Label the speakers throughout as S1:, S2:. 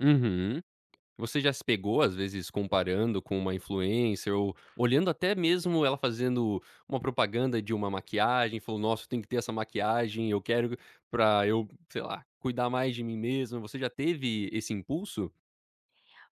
S1: Uhum, você já se pegou às vezes comparando com uma influencer ou olhando até mesmo ela fazendo um propaganda de uma maquiagem, falou: "Nossa, tem que ter essa maquiagem, eu quero pra eu, sei lá, cuidar mais de mim mesma.", você já teve esse impulso?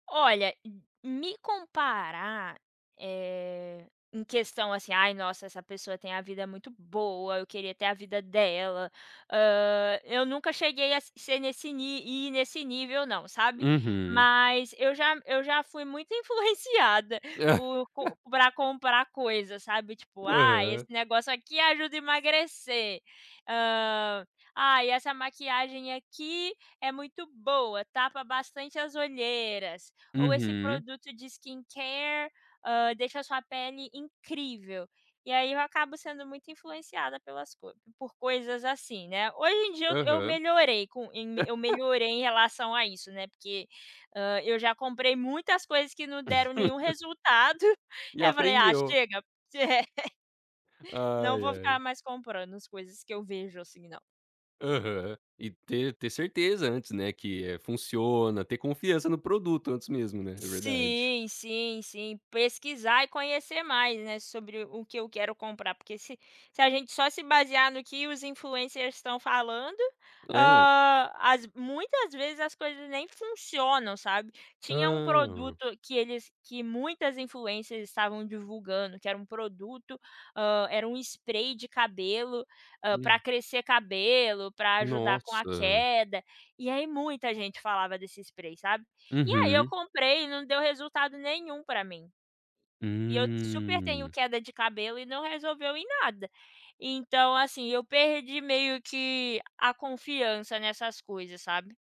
S2: Olha, m me comparar, eh, em questão, assim, ai nossa essa pessoa tem a vida muito boa, eu queria ter a vida dela, hã, eu nunca cheguei a ser nesse ni e nesse nível não, sabe,
S1: Uhum.
S2: mas eu já eu já fui muito influenciada por pra comprar coisas, sabe, tipo, ah, esse
S1: Hã.
S2: negócio aqui ajuda a emagrecer, hã, ai essa maquiagem aqui é muito boa, tapa bastante as olheiras, ou esse
S1: Uhum.
S2: produto de skin care deixa a sua pele incrível, e aí eu acabo sendo muito influenciada pelas co por coisas assim, né, hoje em dia eu eu
S1: Aham.
S2: melhorei com, eu me melhorei em relação a isso, né, porque, hã, eu já comprei muitas coisas que não deram nenhum resultado,
S1: E
S2: eu falei: "Ah
S1: aprendeu.
S2: chega". Não
S1: Ai,
S2: vou ficar
S1: ai.
S2: mais comprando, as coisas que eu vejo assim não.
S1: Aham, e ter ter certeza antes, né, que funciona, ter confiança no produto antes mesmo, né, é verdade.
S2: Sim, sim, sim, pesquisar e conhecer mais, né, sobre o que eu quero comprar porque se se a gente só se basear no que os influencers estão falando,
S1: Hã.
S2: hã, as muitas vezes as coisas nem funcionam, sabe, tinha um
S1: Hã.
S2: produto que eles que muitas influencers estavam estavam divulgando que era um produto, hã, era um spray de cabelo, hã, pra
S1: Hum.
S2: crescer cabelo, pra ajudar com a
S1: Nossa.
S2: queda, e aí muita gente falava desse spray, sabe, e aí eu
S1: Uhum.
S2: comprei e não deu resultado nenhum pra mim, e eu super tenho
S1: Hum.
S2: queda de cabelo e não resolveu em nada, então assim, eu perdi meio que a confiança nessas coisas, sabe.